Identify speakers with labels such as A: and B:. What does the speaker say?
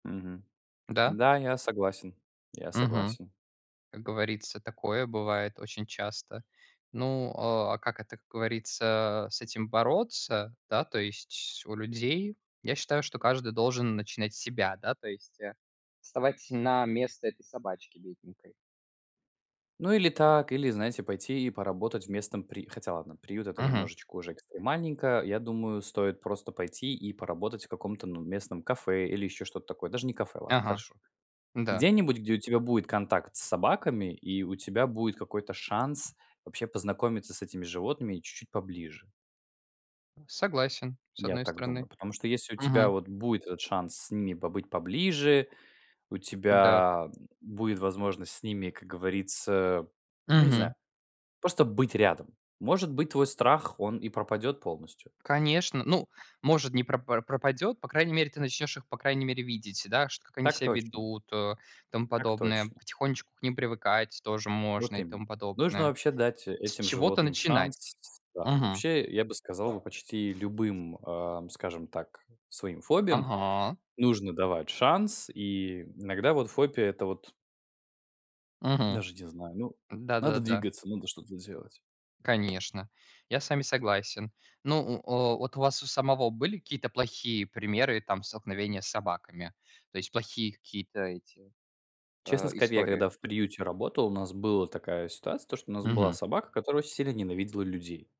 A: Мгм.
B: Да.
A: Да, я согласен, я
B: Мгм.
A: согласен.
B: Как говорится, такое бывает очень часто. Ну, а, а как это, как говорится, с этим бороться? Да, то есть у людей, я считаю, что каждый должен начинать с себя, да. То есть, а, вставать на место этой собачки бедненькой.
A: Ну, или так, или, знаете, пойти и поработать в местном при хотя, ладно приют- это
B: Мгм.
A: немножечко уже экстремальненько, я думаю, стоит просто пойти и поработать в каком-то, ну, местном кафе или еще что-то такое, даже не кафе, ладно,
B: Ага.
A: хорошо.
B: Н-да.
A: Где-нибудь, где у тебя будет контакт с собаками, и у тебя будет какой-то шанс вообще познакомиться с этими животными и чуть-чуть поближе.
B: Согласен, с
A: Я
B: одной
A: так
B: стороны.
A: думаю. Потому что, если у тебя
B: Мгм.
A: вот будет этот шанс с ними побыть поближе, у
B: Да.
A: тебя будет возможность с ними, как говорится, ну, не
B: Мгм.
A: знаю, просто быть рядом. Может быть, твой страх, он и пропадет полностью.
B: Конечно. Ну, может, не пропар пропадет. По крайней мере, ты начнешь их, по крайней мере, видеть, да шт как они
A: Так
B: ся
A: точно.
B: ведут, о, и тому
A: Так
B: подобное.
A: точно.
B: Потихонечку к ним привыкать тоже можно
A: Вот
B: и тому
A: именно. Нужно
B: подобное.
A: вообще дать
B: С
A: этим
B: чего-то
A: животным
B: начинать.
A: шанс, да.
B: Мгм.
A: Вообще, я бы сказал бы, почти любым, ам, скажем так, своим фобиям
B: Ага.
A: нужно давать шанс. И иногда вот фобия- это вот
B: Мгм.
A: даже не знаю, ну, надо
B: Да-да-да-да.
A: двигаться, надо что-то делать.
B: Конечно, я с вами согласен. Ну, у, о, вот у вас у самого были какие-то плохие примеры там столкновения с собаками, то есть плохие какие-то эти, э,
A: Честно сказать, я
B: истории?
A: когда в приюте работал, у нас была такая ситуация, то что у нас была
B: Мгм.
A: собака, которая очень сильно ненавидела людей.